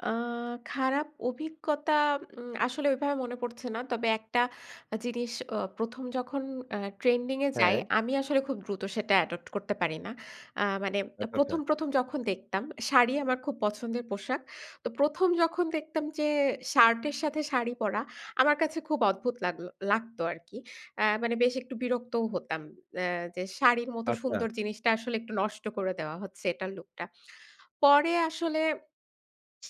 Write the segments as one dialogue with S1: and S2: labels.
S1: আ খারাপ অভিজ্ঞতা উম আসলে এভাবে মনে পড়ছে না। তবে একটা জিনিস আ ১ম যখন আ ট্রেন্ডিং এ যাই
S2: হ্যাঁ।
S1: আমি আসলে খুব দ্রুত সেটা অ্যাডপ্ট করতে পারি না। আ মানে আ
S2: আচ্ছা, আচ্ছা।
S1: ১ম, ১ম যখন দেখতাম শাড়ি আমার খুব পছন্দের পোশাক। তো ১ম যখন দেখতাম যে শার্টের সাথে শাড়ি পরা আমার কাছে খুব অদ্ভুত লাগলো লাগত আরকি। আ মানে বেশ একটু বিরক্তও হতাম। এ যে শাড়ির মতো
S2: আচ্ছা।
S1: সুন্দর জিনিসটা আসলে একটু নষ্ট করে দেওয়া হচ্ছে এটার লুকটা। পরে আসলে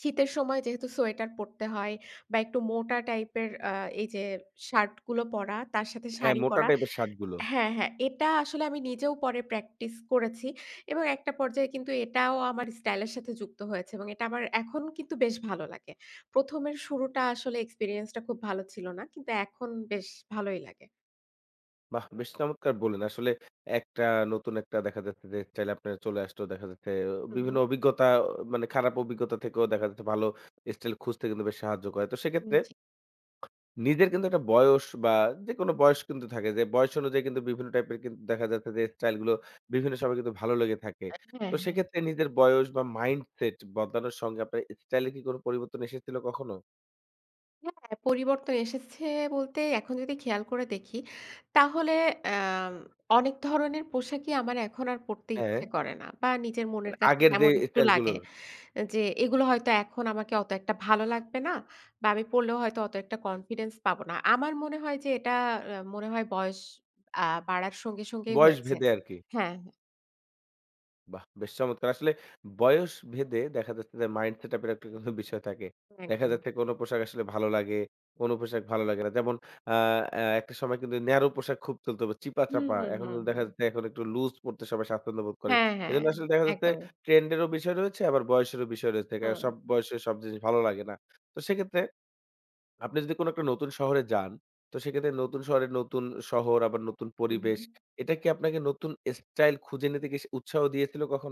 S1: শীতের সময় যেহেতু সোয়েটার পড়তে হয় বা একটু মোটা টাইপের আ এইযে শার্ট গুলো পরা তার সাথে
S2: হ্যাঁ,
S1: শাড়ি
S2: মোটা
S1: পরা
S2: টাইপের শার্ট গুলো।
S1: হ্যাঁ, হ্যাঁ এটা আসলে আমি নিজেও পরে প্র্যাকটিস করেছি। এবং একটা পর্যায়ে কিন্তু এটাও আমার স্টাইল এর সাথে যুক্ত হয়েছে। এবং এটা আমার এখনও কিন্তু বেশ ভালো লাগে। ১ম এর শুরুটা আসলে এক্সপেরিয়েন্সটা খুব ভালো ছিল না। কিন্তু এখন বেশ ভালোই লাগে।
S2: বাহ! বেশ চমৎকার বলেন। আসলে একটা নতুন একটা দেখা যাচ্ছে যে স্টাইল আপনার চলে আসলো দেখা যাচ্ছে অ
S1: হু,
S2: বিভিন্ন
S1: হু।
S2: অভিজ্ঞতা অ মানে খারাপ অভিজ্ঞতা থেকেও দেখা যাচ্ছে ভালো স্টাইল খুঁজতে কিন্তু বেশি সাহায্য করে। তো
S1: হুম।
S2: সেক্ষেত্রে
S1: জি।
S2: নিজের কিন্তু একটা বয়স বা যেকোনো বয়স কিন্তু থাকে। যে বয়স অনুযায়ী কিন্তু বিভিন্ন টাইপের কিন দেখা যাচ্ছে যে স্টাইল গুলো বিভিন্ন সময় কিন্তু ভালো লেগে থাকে।
S1: এ হ্যাঁ,
S2: তো
S1: হ্যাঁ।
S2: সেক্ষেত্রে নিজের বয়স বা মাইন্ডসেট বদলানোর সঙ্গে আপনার স্টাইল কি কোনো পরিবর্তন এসেছিল কখনো?
S1: হ্যাঁ, পরিবর্তন এসেছে বলতে এখন যদি খেয়াল করে দেখি তাহলে আ অনেক ধরনের পোশাকই আমার এখন আর পড়তে
S2: হ্যাঁ।
S1: ইচ্ছে করে না বা নিজের মনের
S2: মানে
S1: কাছে
S2: আগের যে
S1: কেমন একটু
S2: স্টাইল
S1: লাগে,
S2: গুলোর।
S1: যে এগুলো হয়তো এখন আমাকে অত একটা ভালো লাগবে না বা আমি পড়লেও হয়তো অত একটা কনফিডেন্স পাবো না। আমার মনে হয় যে এটা আ মনে হয় বয়স আ বাড়ার সঙ্গে, সঙ্গেই
S2: বয়স
S1: হয়েছে
S2: ভেদে আরকি।
S1: হ্যাঁ, হ্যাঁ।
S2: বাহ! বেশ চমৎকার। আসলে বয়স ভেদে দেখা যাচ্ছে যে মাইন্ড সেট আপ এর একটা কিন্তু বিষয় থাকে। দেখা
S1: একদম।
S2: যাচ্ছে কোনো পোশাক আসলে ভালো লাগে। কোনো পোশাক ভালো লাগে না। যেমন আ আ একটা সময় কিন্তু ন্যারো পোশাক খুব চলতো।
S1: হুম,
S2: চিপা-চাপা।
S1: হুম,
S2: এখন
S1: হুম,
S2: কিন্তু দেখা
S1: হুম।
S2: যাচ্ছে এখন একটু লুজ পড়তে সবাই স্বছন্দ্যবোধ করে।
S1: হ্যাঁ, হ্যাঁ
S2: এজন্য আসলে দেখা যাচ্ছে
S1: একদমই।
S2: ট্রেন্ড এরও বিষয় রয়েছে আবার বয়সেরও বিষয় রয়েছে। আ
S1: হু।
S2: বয়সে সব জিনিস ভালো লাগে না। তো সেক্ষেত্রে আপনি যদি কোনো একটা নতুন শহরে যান তো সেক্ষেত্রে নতুন শহরের নতুন শহর আবার নতুন
S1: হু,
S2: পরিবেশ।
S1: হু।
S2: এটা কি আপনাকে নতুন স্টাইল খুঁজে নিতে কি উৎসাহ দিয়েছিল কখনো?